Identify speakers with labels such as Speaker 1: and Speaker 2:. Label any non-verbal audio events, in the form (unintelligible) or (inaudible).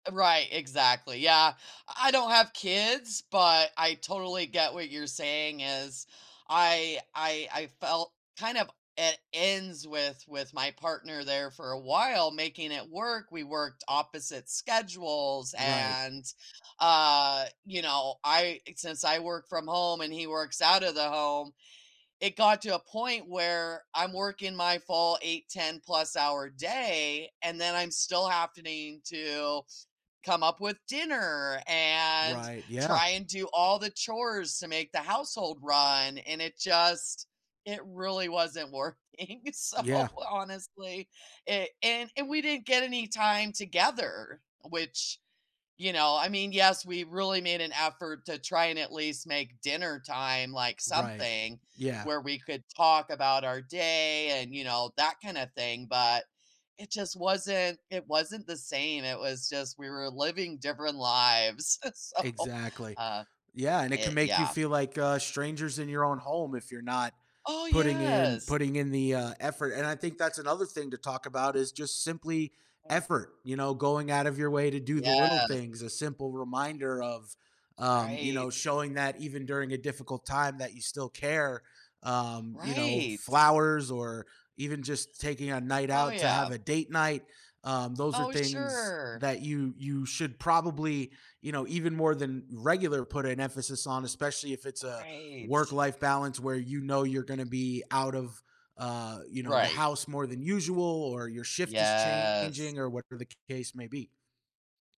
Speaker 1: Right, exactly, yeah. I don't have kids, but I totally get what you're saying is. I I I felt kind of at ends with with my partner there for a while making it work. We worked opposite schedules
Speaker 2: Right.
Speaker 1: and, uh, you know, I since I work from home and he works out of the home, it got to a point where I'm working my full 8, ten-plus-hour day and then I'm still happening to come up with dinner and
Speaker 2: Right, yeah.
Speaker 1: try and do all the chores to make the household run, and it just it really wasn't working, so,
Speaker 2: Yeah.
Speaker 1: honestly, it and and we didn't get any time together, which, you know I mean, yes, we really made an effort to try and at least make dinner time, like,
Speaker 2: Right,
Speaker 1: something
Speaker 2: yeah.
Speaker 1: where we could talk about our day and, you know, that kinda thing, but it just wasn't it wasn't the same, it was just we were living different lives, (chuckles) so,
Speaker 2: Exactly.
Speaker 1: uh,
Speaker 2: Yeah, and it can
Speaker 1: it
Speaker 2: make you
Speaker 1: yeah.
Speaker 2: feel like, uh, strangers in your own home if you're not
Speaker 1: Oh,
Speaker 2: putting in
Speaker 1: yes.
Speaker 2: putting in the, uh, effort, and I think that's another thing to talk about is just simply
Speaker 1: (unintelligible)
Speaker 2: effort; you know, going out of your way to do the little
Speaker 1: Yes.
Speaker 2: things, a simple reminder of, um you know,
Speaker 1: Right.
Speaker 2: showing that even during a difficult time that you still care, um, you know,
Speaker 1: Right.
Speaker 2: flowers or even just taking a night
Speaker 1: Oh,
Speaker 2: out to
Speaker 1: yeah.
Speaker 2: have a date night. Um, those are
Speaker 1: Oh,
Speaker 2: things
Speaker 1: sure.
Speaker 2: that you you should probably, you know, even more than regular put an emphasis on, especially if it's a
Speaker 1: Right.
Speaker 2: work-life balance where you know you're gonna be out of, uh, you know, the
Speaker 1: Right.
Speaker 2: house more than usual or your shift is
Speaker 1: Yes.
Speaker 2: changing or whatever the case may be.